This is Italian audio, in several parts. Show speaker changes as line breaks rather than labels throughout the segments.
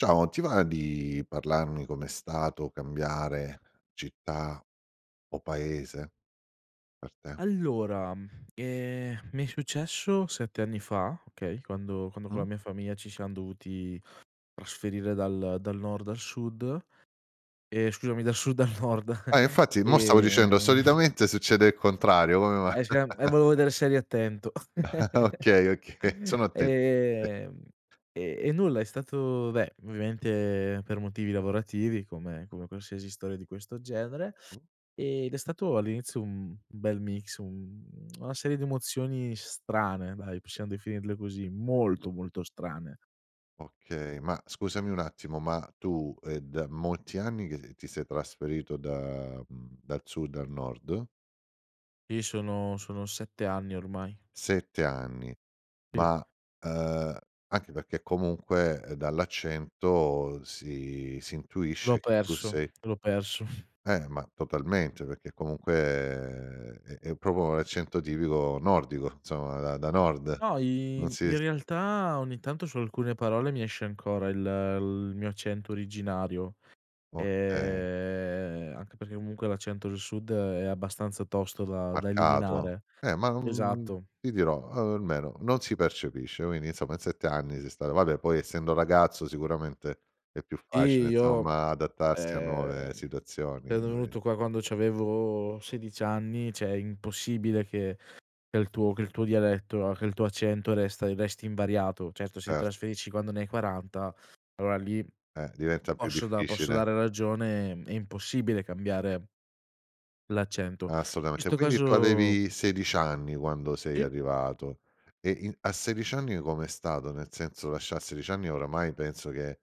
Ciao, ti va di parlarmi com'è stato cambiare città, o paese per te?
Allora, eh, mi è successo 7 anni fa, okay, quando quando con la
Mh.
mia famiglia ci siam dovuti trasferire dal dal Nord al Sud e scusami, dal Sud al Nord,
Eh, infatti 'mo stavo dicendo,
ehm
solitamente succede il contrario, come mai?
[unintelligible] eh volevo vedere se eri attento.
Okay, okay, sono atten sì.
Ehm, e e nulla, è stato beh ovviamente per motivi lavorativi, come come qualsiasi storia di questo genere,
Mh.
ed è stato all'inizio un un bel mix, un una serie di emozioni strane dai, possiamo definirle così, molto, molto strane.
Okay, ma scusami un attimo, ma tu, è da molti anni che ti sei trasferito da, mh, dal Sud al Nord?
Sì, sono sono 7 anni ormai.
7 anni,
Sì.
ma, uh, anche perché comunque, dall'accento, si si
L'ho
intuisce che tu
perso,
sei
l'ho perso.
Eh, ma totalmente, perché comunque è è proprio un accento tipico nordico insomma, da da nord.
No,
Non
i
si
in
s
realtà, ogni tanto su alcune parole mi esce ancora il il mio accento originario,
Okay.
eh anche perché comunque, l'accento del Sud è abbastanza tosto da da
Marcato,
eliminare.
eh, ma, mh,
Esatto.
ti dirò, almeno non si percepisce, quindi insomma in 7 anni sei stato vabbè poi essendo ragazzo, sicuramente è più
Sì,
facile,
io,
insomma, adattarsi a nuove
ehm,
situazioni
sono
[unintelligible]
venuto qua quando c'avevo 16 anni, cioè è impossibile che che il tuo che il tuo dialetto, che il tuo accento resta resti invariato. Certo, se
Cert
trasferisci quando ne hai 40, allora lì
Eh, diventa più
posso da posso
difficile.
dare ragione, è impossibile cambiare l'accento. In
Assolutamente,
questo
quindi tu
caso...
avevi 16 anni, quando sei
Sì.
arrivato, e in a 16 anni come è stato? Nel senso, lasciar a 16 anni oramai penso che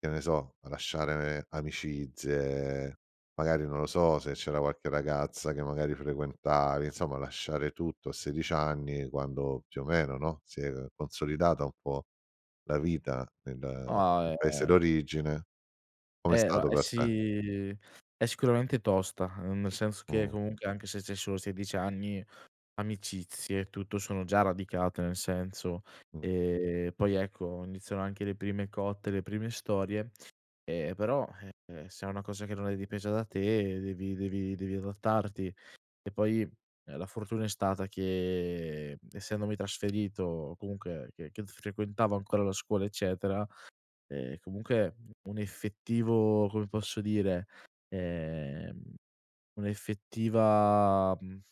che ne so, lasciare amicizie, magari non lo so, se c'era qualche ragazza che magari frequentavi, insomma lasciare tutto a 16 anni quando più o meno, no, si è consolidata un po' la vita nel nel
Ah,
paese
eh.
d'origine. Come è
Eh no
stato
è
per te?
si è sicuramente tosta, uhm, nel senso che
Mh.
comunque anche se c'hai solo 16 anni, amicizie e tutto, sono già radicate nel senso,
Mh.
e poi ecco, iniziano anche le prime cotte, le prime storie, e però, eh, se è una cosa che non è dipesa da te devi devi devi adattarti. E poi, la fortuna è stata che, essendomi trasferito, o comunque che che s frequentavo ancora la scuola eccetera, eh, comunque un effettivo, come posso dire, ehm, un'effettiva, uhm